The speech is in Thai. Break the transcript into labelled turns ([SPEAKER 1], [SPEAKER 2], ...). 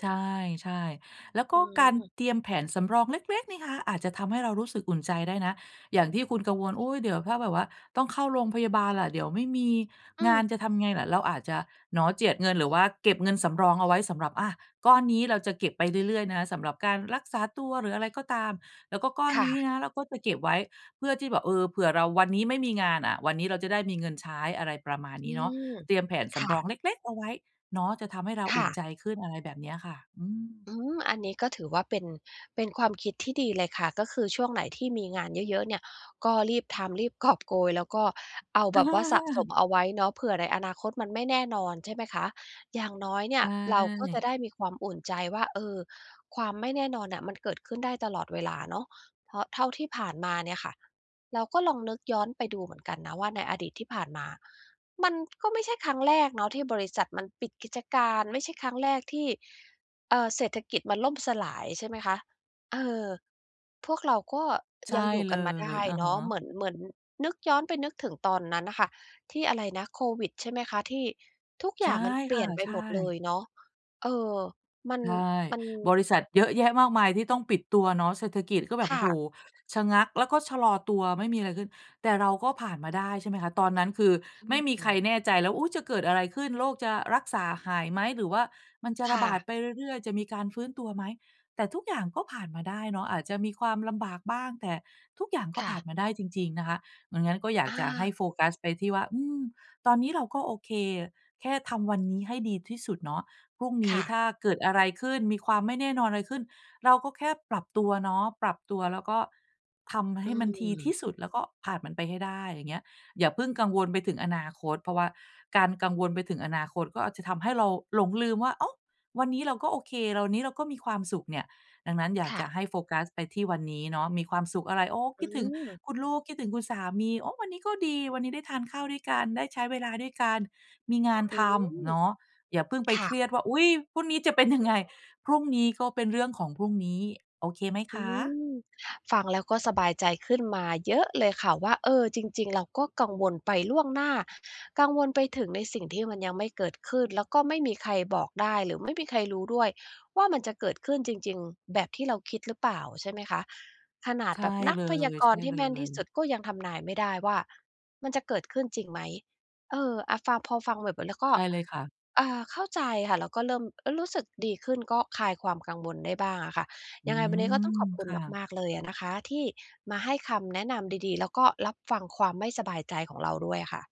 [SPEAKER 1] ใช่ ๆ แล้วก
[SPEAKER 2] อ
[SPEAKER 1] ็
[SPEAKER 2] ื
[SPEAKER 1] การ
[SPEAKER 2] ม
[SPEAKER 1] เตรียมแผนสำรองเล็ก ๆ นี่คะ อาจจะทำให้เรารู้สึกอุ่นใจได้นะ อย่างที่คุณกังวล อุ๊ย เดี๋ยวถ้าแบบว่า ต้องเข้าโรงพยาบาลล่ะ เดี๋ยวไม่มี
[SPEAKER 2] อื
[SPEAKER 1] งาน
[SPEAKER 2] ม
[SPEAKER 1] จะทำไงล่ะ? เราอาจจะหนอเจียดเงิน หรือว่าเก็บเงินสำรองเอาไว้สำหรับ อา ก้อนนี้ เราจะเก็บไปเรื่อย ๆ นะ สำหรับการรักษาตัว หรืออะไรก็ตาม แล้วก็ก้อน
[SPEAKER 2] ค่
[SPEAKER 1] นี้
[SPEAKER 2] ะ
[SPEAKER 1] นะ เราก็จะเก็บไว้เพื่อที่แบบ เออ เผื่อเราวันนี้ไม่มีงานอะ วันนี้เราจะได้มีเงินใช้ อะไรประมาณ
[SPEAKER 2] อ
[SPEAKER 1] น
[SPEAKER 2] ื
[SPEAKER 1] ี้เนาะ
[SPEAKER 2] ม
[SPEAKER 1] เตรียมแผนส
[SPEAKER 2] ค่
[SPEAKER 1] ำรอ
[SPEAKER 2] ะ
[SPEAKER 1] งเล็ก ๆ เอาไว้เนาะ จะทำให้เรา
[SPEAKER 2] ค
[SPEAKER 1] อุ
[SPEAKER 2] ่
[SPEAKER 1] ่น
[SPEAKER 2] ะ
[SPEAKER 1] ใจขึ้น อะไรแบบเนี้ยค่ะ อืม
[SPEAKER 2] อืม อันนี้ก็ถือว่าเป็น เป็นความคิดที่ดีเลยค่ะ ก็คือช่วงไหนที่มีงานเยอะ ๆ เนี่ย ก็รีบทำ รีบกอบโกย แล้วก็เอาแบบว่าสะสมเอาไว้เนาะ เผื่อในอนาคตมันไม่แน่นอน ใช่ไหมคะ อย่างน้อยเน
[SPEAKER 1] ใช
[SPEAKER 2] ี่ย เราก็จะ
[SPEAKER 1] ่
[SPEAKER 2] ได้มีความอุ่นใจว่า เออ ความไม่แน่นอนน่ะ มันเกิดขึ้นได้ตลอดเวลาเนาะ เพราะเท่าที่ผ่านมาเนี่ยค่ะ เราก็ลองนึกย้อนไปดูเหมือนกันนะ ว่าในอดีตที่ผ่านมา มันก็ไม่ใช่ครั้งแรกเนาะ ที่บริษัทมันปิดกิจการ ไม่ใช่ครั้งแรกที่ เอ่อ เศรษฐกิจมันล่มสลาย ใช่ไหมคะ เออ พวกเราก็
[SPEAKER 1] ใช
[SPEAKER 2] ย
[SPEAKER 1] ่
[SPEAKER 2] ังอยู่
[SPEAKER 1] เ
[SPEAKER 2] ก
[SPEAKER 1] ล
[SPEAKER 2] ันมาได
[SPEAKER 1] ย
[SPEAKER 2] ้
[SPEAKER 1] อะ
[SPEAKER 2] เน
[SPEAKER 1] ฮ
[SPEAKER 2] าะ เห
[SPEAKER 1] ะ
[SPEAKER 2] มือน เหมือนนึกย้อนไปนึกถึงตอนนั้นน่ะค่ะ ที่อะไรนะ โควิด ใช่ไหมคะ ที่ทุก
[SPEAKER 1] ใ
[SPEAKER 2] อ
[SPEAKER 1] ช
[SPEAKER 2] ย่
[SPEAKER 1] ่
[SPEAKER 2] างมันเป
[SPEAKER 1] ค
[SPEAKER 2] ลี
[SPEAKER 1] ่
[SPEAKER 2] ่
[SPEAKER 1] ะ
[SPEAKER 2] ยนไป
[SPEAKER 1] ใช
[SPEAKER 2] หมดเล
[SPEAKER 1] ่
[SPEAKER 2] ยเนาะ เออ มัน
[SPEAKER 1] ใช่
[SPEAKER 2] มัน
[SPEAKER 1] บริษัทเยอะแยะมากมายที่ต้องปิดตัวเนาะ เศรษฐกิจก็แบ
[SPEAKER 2] ค
[SPEAKER 1] บ โอ
[SPEAKER 2] ่
[SPEAKER 1] ้โฮ
[SPEAKER 2] ะ
[SPEAKER 1] ชะงัก แล้วก็ชะลอตัว ไม่มีอะไรขึ้น แต่เราก็ผ่านมาได้ ใช่ไหมคะ ตอนนั้นคือ
[SPEAKER 2] อื
[SPEAKER 1] ไม่มีใคร
[SPEAKER 2] ม
[SPEAKER 1] แน่ใจแล้ว อุ๊ย จะเกิดอะไรขึ้น โรคจะรักษาหายไหม หรือว่ามันจะ
[SPEAKER 2] ค
[SPEAKER 1] ระ
[SPEAKER 2] ่
[SPEAKER 1] บาด
[SPEAKER 2] ะ
[SPEAKER 1] ไปเรื่อย ๆ จะมีการฟื้นตัวไหม? แต่ทุกอย่าง ก็ผ่านมาได้เนาะ อาจจะมีความลำบากบ้าง แต่ทุกอย่างก็
[SPEAKER 2] ค่
[SPEAKER 1] ผ่าน
[SPEAKER 2] ะ
[SPEAKER 1] มาได้จริง ๆ นะคะ อย่างงั้นก็อยาก
[SPEAKER 2] อ
[SPEAKER 1] จะให
[SPEAKER 2] า
[SPEAKER 1] ้โฟกัสไปที่ว่า อืม ตอนนี้เราก็ โอเค แค่ทำวันนี้ให้ดีที่สุดเนาะ พรุ่งน
[SPEAKER 2] ค
[SPEAKER 1] ี้
[SPEAKER 2] ่
[SPEAKER 1] ถ
[SPEAKER 2] ะ
[SPEAKER 1] ้าเกิดอะไรขึ้น มีความไม่แน่นอนอะไรขึ้น เราก็แค่ปรับตัวเนาะ ปรับตัวแล้วก็ทำใ
[SPEAKER 2] อื
[SPEAKER 1] ห้มันดีที
[SPEAKER 2] ม
[SPEAKER 1] ่สุด แล้วก็ผ่านมันไปให้ได้ อย่างเงี้ย อย่าเพิ่งกังวลไปถึงอนาคต เพราะว่าการกังวลไปถึงอนาคตก็อาจจะทำให้เราหลงลืมว่า อ้าว วันนี้เราก็โอเค วันนี้เราก็มีความสุขเนี่ย ดังนั้นอยาก
[SPEAKER 2] ค่
[SPEAKER 1] จ
[SPEAKER 2] ะ
[SPEAKER 1] ะให้โฟกัสไปที่วันนี้เนาะ มีความสุขอะไร โอ้
[SPEAKER 2] อ
[SPEAKER 1] ค
[SPEAKER 2] ื
[SPEAKER 1] ิดถึง
[SPEAKER 2] ม
[SPEAKER 1] คุณลูก คิดถึงคุณสามี โอ้ วันนี้ก็ดี วันนี้ได้ทานข้าวด้วยกัน ได้ใช้เวลาด้วยกัน มีงาน
[SPEAKER 2] อื
[SPEAKER 1] ทำ
[SPEAKER 2] ม
[SPEAKER 1] เนาะ อย่าเพิ่งไป
[SPEAKER 2] ค่
[SPEAKER 1] เครี
[SPEAKER 2] ะ
[SPEAKER 1] ยดว่า อุ๊ย! พรุ่งนี้จะเป็นยังไง? พรุ่งนี้ก็เป็นเรื่องของพรุ่งนี้ โอเคไหม
[SPEAKER 2] อ
[SPEAKER 1] ค
[SPEAKER 2] ื
[SPEAKER 1] ะ?
[SPEAKER 2] ม ฟังแล้วก็สบายใจขึ้นมาเยอะเลยค่ะ ว่า เออ จริง ๆ เราก็กังวลไปล่วงหน้า กังวลไปถึงในสิ่งที่มันยังไม่เกิดขึ้น แล้วก็ไม่มีใครบอกได้ หรือไม่มีใครรู้ด้วย ว่ามันจะเกิดขึ้นจริง ๆ แบบที่เราคิดหรือเปล่า ใช่ไหมคะ ขนาด
[SPEAKER 1] ใช่
[SPEAKER 2] แบบนั
[SPEAKER 1] เล
[SPEAKER 2] กพยากรณ์ที่แม่นที
[SPEAKER 1] ย
[SPEAKER 2] ่ส
[SPEAKER 1] ๆ
[SPEAKER 2] ุด ก็ยังทำนายไม่ได้ว่ามันจะเกิดขึ้นจริงไหม? เออ อะ ฟัง พอฟังแล้วก็
[SPEAKER 1] ได้เลยค่ะ
[SPEAKER 2] อ่า เข้าใจค่ะ แล้วก็เริ่มรู้สึกดีขึ้น ก็คลายความกังวลได้บ้างอะค่ะ
[SPEAKER 1] อื
[SPEAKER 2] ยังไงวันนี้ก็
[SPEAKER 1] ม
[SPEAKER 2] ต้องขอบคุ
[SPEAKER 1] ค
[SPEAKER 2] ณ
[SPEAKER 1] ่ะ
[SPEAKER 2] มาก ๆ เลยอะนะคะ ที่มาให้คำแนะนำดี ๆ แล้วก็รับฟังความไม่สบายใจของเราด้วยอะค่ะ